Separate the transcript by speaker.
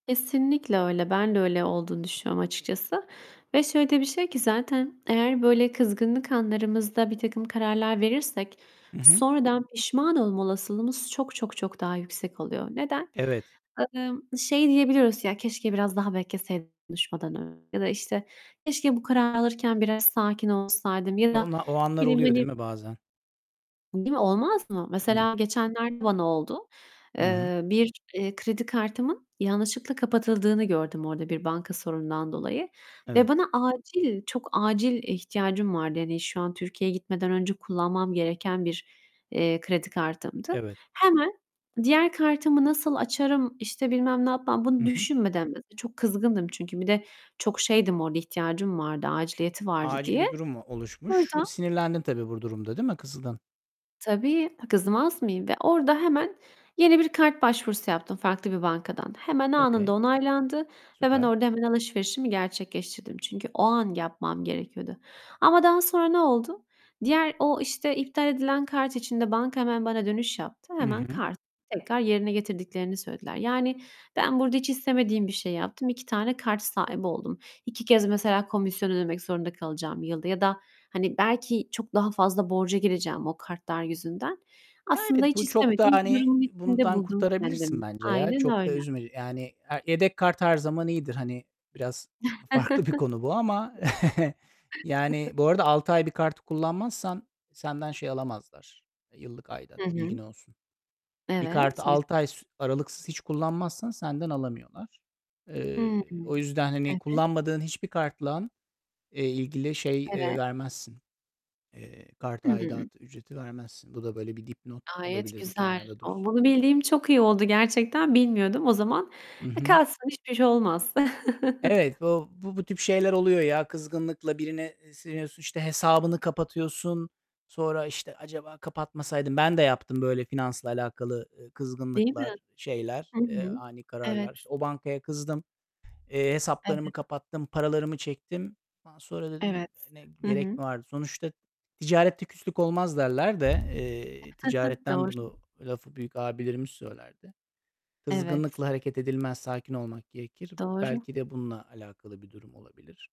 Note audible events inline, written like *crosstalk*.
Speaker 1: Kesinlikle öyle. Ben de öyle olduğunu düşünüyorum açıkçası. Ve şöyle de bir şey ki, zaten eğer böyle kızgınlık anlarımızda birtakım kararlar verirsek
Speaker 2: Hı hı.
Speaker 1: sonradan pişman olma olasılığımız çok, çok, çok daha yüksek oluyor. Neden?
Speaker 2: Evet.
Speaker 1: Imm, şey diyebiliyoruz: "Ya keşke biraz daha bekleseydim konuşmadan önce." ya da, işte, "Keşke bu kararı alırken biraz sakin olsaydım." ya da,
Speaker 2: Ona o
Speaker 1: ne
Speaker 2: anlar
Speaker 1: bileyim,
Speaker 2: oluyor değil
Speaker 1: hani
Speaker 2: mi bazen?
Speaker 1: Değil mi, olmaz mı?
Speaker 2: Evet.
Speaker 1: Mesela geçenlerde bana oldu.
Speaker 2: Hı hı.
Speaker 1: Eee, bir, eee, kredi kartımın yanlışlıkla kapatıldığını gördüm orada bir banka sorunundan dolayı ve
Speaker 2: Evet.
Speaker 1: bana acil, çok acil ihtiyacım vardı. Hani, şu an Türkiye'ye gitmeden önce kullanmam gereken bir, eee, kredi kartımdı.
Speaker 2: Evet.
Speaker 1: Hemen diğer kartımı nasıl açarım, işte, bilmem ne yapmam
Speaker 2: Hı
Speaker 1: bunu
Speaker 2: hı.
Speaker 1: düşünmeden, biraz da çok kızgındım çünkü bir de çok şeydim, orada ihtiyacım vardı, aciliyeti vardı
Speaker 2: Acil
Speaker 1: diye.
Speaker 2: bir durum mu oluşmuş? Y
Speaker 1: Orada
Speaker 2: sinirlendin tabii bu durumda, değil mi? Kızdın.
Speaker 1: Tabii, kızmaz mıyım, ve orada hemen yeni bir kart başvurusu yaptım farklı bir bankadan. Hemen,
Speaker 2: Okay.
Speaker 1: anında onaylandı ve ben
Speaker 2: Süper.
Speaker 1: orada hemen alışverişimi gerçekleştirdim. Çünkü o an yapmam gerekiyordu. Ama daha sonra ne oldu? Diğer o, işte, iptal edilen kart için de banka hemen bana dönüş yaptı.
Speaker 2: Hı
Speaker 1: Hemen
Speaker 2: hı.
Speaker 1: kartı tekrar yerine getirdiklerini söylediler. Yani, ben burada hiç istemediğim bir şey yaptım. 2 tane kart sahibi oldum. 2 kez mesela komisyon ödemek zorunda kalacağım yılda. Ya da, hani, belki çok daha fazla borca gireceğim o kartlar yüzünden.
Speaker 2: Ya
Speaker 1: Aslında
Speaker 2: evet,
Speaker 1: hiç
Speaker 2: bu çok da,
Speaker 1: istemediğim bir
Speaker 2: hani,
Speaker 1: durumun içinde
Speaker 2: bundan
Speaker 1: buldum
Speaker 2: kurtarabilirsin
Speaker 1: kendimi.
Speaker 2: bence ya.
Speaker 1: Aynen
Speaker 2: Çok da
Speaker 1: öyle.
Speaker 2: üzme yani, e yedek kart her zaman iyidir. Hani, biraz farklı bir konu bu ama.
Speaker 1: *chuckles*
Speaker 2: *chuckles* Yani,
Speaker 1: *chuckles*
Speaker 2: bu arada 6 ay bir kartı kullanmazsan senden şey alamazlar, yıllık
Speaker 1: Hı
Speaker 2: aidat. Bilgin
Speaker 1: hı.
Speaker 2: olsun. Bir
Speaker 1: Evet,
Speaker 2: kartı
Speaker 1: güz
Speaker 2: 6 ay s aralıksız hiç kullanmazsan senden alamıyorlar. Eee,
Speaker 1: Hımm.
Speaker 2: o yüzden hani,
Speaker 1: Evet.
Speaker 2: kullanmadığın hiçbir kartla, eee, ilgili şey, eee,
Speaker 1: Evet.
Speaker 2: vermezsin, eee, kart
Speaker 1: Hı hı.
Speaker 2: aidatı, ücreti vermezsin. Bu da böyle bir dipnot
Speaker 1: Gayet
Speaker 2: olabilir, bir
Speaker 1: güzel.
Speaker 2: kenarda
Speaker 1: O,
Speaker 2: dursun.
Speaker 1: bunu bildiğim çok iyi oldu gerçekten. Bilmiyordum. O zaman
Speaker 2: Hı
Speaker 1: e,
Speaker 2: hı.
Speaker 1: kalsın, hiçbir şey olmaz.
Speaker 2: Evet,
Speaker 1: *chuckles*
Speaker 2: bu bu bu tip şeyler oluyor ya. Kızgınlıkla birine, eee, sinirleniyorsun, işte, hesabını kapatıyorsun. Sonra, işte, "Acaba kapatmasaydım." Ben de yaptım böyle finansla alakalı, eee,
Speaker 1: Değil mi?
Speaker 2: kızgınlıklar, şeyler,
Speaker 1: Hı
Speaker 2: eee,
Speaker 1: hı.
Speaker 2: ani kararlar.
Speaker 1: Evet.
Speaker 2: İşte, o bankaya kızdım, eee, hesaplarımı
Speaker 1: Evet.
Speaker 2: kapattım, paralarımı çektim. Ondan sonra dedim;
Speaker 1: Evet.
Speaker 2: "Ne,
Speaker 1: Hı
Speaker 2: gerek
Speaker 1: hı.
Speaker 2: mi vardı?" Sonuçta "Ticarette küslük olmaz." derler de, eee,
Speaker 1: *chuckles*
Speaker 2: ticaretten
Speaker 1: Doğru.
Speaker 2: bunu, lafı büyük abilerimiz söylerdi.
Speaker 1: Evet.
Speaker 2: Kızgınlıkla hareket edilmez, sakin olmak gerekir.
Speaker 1: Doğru.
Speaker 2: Belki de bununla alakalı bir durum olabilir.